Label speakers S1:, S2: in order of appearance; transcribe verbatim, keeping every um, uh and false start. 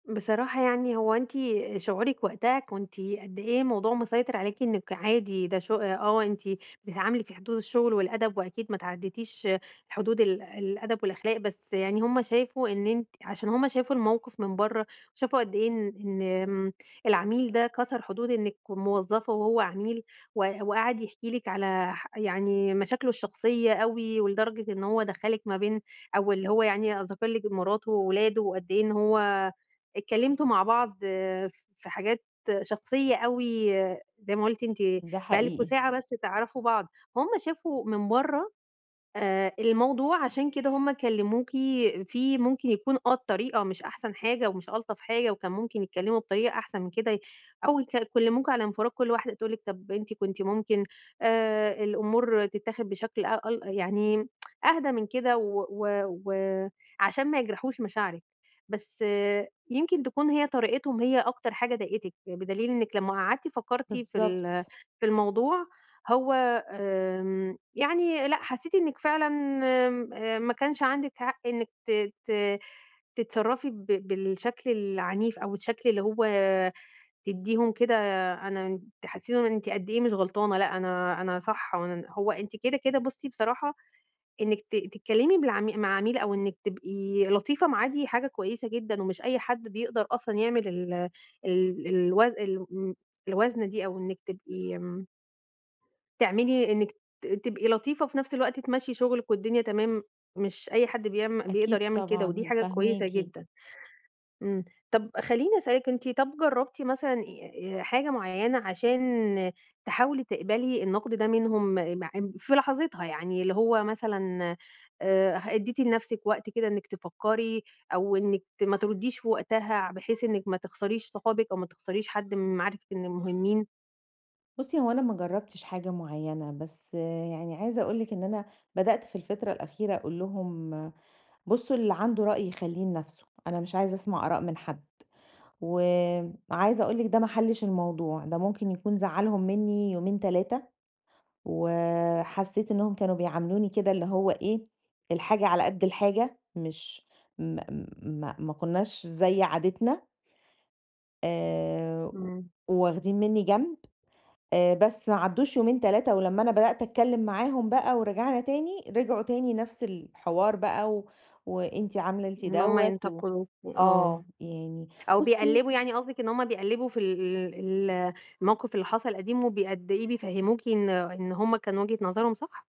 S1: بصراحة يعني، هو أنتِ شعورِك وقتها كنتِ قد إيه الموضوع مسيطر عليكِ إنَّك عادي ده ش آه أنتِ بتتعاملي في حدود الشغل والأدَب، وأكيد ما اتعدِّيتِيش حدود ال الأدَب والأخلاق، بس يعني هُم شافوا إن أنتِ عشان هُم شافوا الموقف من برّه، شافوا قد إيه إن امم، العميل ده كسر حدود إنَّك موظفة وهو عميل، و وقاعد يحكِي لِك على ح يعني مشاكله الشخصية أوي، ولدرجة إن هو دخَّلِك ما بين أو اللي هو يعني أ ذكَر لِك مراته وأولاده، وقد إيه إن هو اتكلَّمتوا مع بعض آآ، ف في حاجات شخصية أوي، آآ، زي ما قُلتِ أنتِ،
S2: ده
S1: بقى لكم
S2: حقيقي.
S1: ساعة بس تعرفوا بعض. هُم شافوا من برّه آآ، الموضوع، عشان كده هُم كلَّموكِ. في ممكن يكون آه الطريقة مش أحسن حاجة ومش ألطَف حاجة، وكان ممكن يتكلَّموا بطريقة أحسن من كده، ي أو يك يكلِّموكِ على انفِراد، كل واحدة تقول لِك طب أنتِ كنتِ ممكن آآ، الأمور تتاخد بشكل أ أل يعني أهدى من كده، و و وعشان ما يجرَحوش مشاعرِك. بس يمكن تكون هي طريقتهم هي أكتر حاجة ضايقَتِك، بدليل إنَّك لمّا قعدتِ فكَّرتِ في ال
S2: بالضبط.
S1: في الموضوع، هو آمم، يعني لأ، حسِّيتِ إنَّك فعلًا آمم ما كانش عندِك حق إنَّك ت ت تتصرَّفي ب بالشكل العنيف أوي، الشكل اللي هو تدِّيهُم كده، أنا تحسِّسيهم إن أنتِ قد إيه مش غلطانة، لأ أنا أنا صح. وأن هو أنتِ كده كده، بُصي بصراحة، إنَّك ت تتكلَّمي بالعم مع عميل، أو إنَّك تبقي لطيفة معاه، دي حاجة كويِسة جدًا ومش أي حد بيقدَر أصلًا يعمَل ال ال الوز ال م الوزن دي، أو إنَّك تبقي آمم تعملي إنَّك ت تبقي لطيفة وفي نفس الوقت تمشي شغلِك والدنيا تمام، مش أي حد بيعم بيقدَر
S2: أكيد
S1: يعمل كده، ودي
S2: طبعًا،
S1: حاجة كويِسة
S2: فاهماكِ.
S1: جدًا. امم، طب خلِّيني أسألِك، أنتِ طَب جرَّبتِ مثلًا أ ي حاجة معيَّنة عشان تحاولي تقبَلي النقد ده منهم، معب في لحظتها يعني، اللي هو مثلًا آآ، أدَّيتِ لنفسِك وقت كده إنَّك تفكِّري، أو إنَّك ما ترُدِّيش في وقتها، بحيث إنَّك ما تخسريش صحابِك، أو ما تخسريش حد من معارفِك من المهمِّين؟
S2: بُصي هو أنا ما جرَبتِش حاجة معيَّنة، بس يعني عايزة أقول لِك إن أنا، بدأت في الفترة الأخيرة أقول لهُم: "بُصوا اللي عنده رأي يخلِّيه لنفسه، أنا مش عايزة أسمع آراء من حد." وعايزة أقول لِك ده ما حلِّش، الموضوع ده ممكن يكون زعَّلهُم منِّي يومين، تلاتة، وحسِّيت إنَّهُم كانوا بيعاملوني كده، اللي هو إيه، الحاجة على قد الحاجة، مش، م م ما ما كناش زي عادتنا. آآ و
S1: امم.
S2: واخدين منِّي جنب، آآ، بس ما عدُّوش يومين، تلاتة، ولمّا أنا بدأت أتكلَّم معاهُم بقى ورجَعنا تاني، رجعوا تاني نفس الحوار بقى، و وأنتِ عملتِ
S1: إن هُم
S2: دوَّة، و
S1: ينتقِدوكِ، آه،
S2: آه، يعني
S1: أو
S2: بُصي
S1: بيقلِّبوا، يعني قصدِك إن هُم بيقلِّبوا في ال ال الموقف اللي حصل قديم، وبي قد إيه بيفهَّموكِ إن إن هُم كانوا وجهة نظرهم صح؟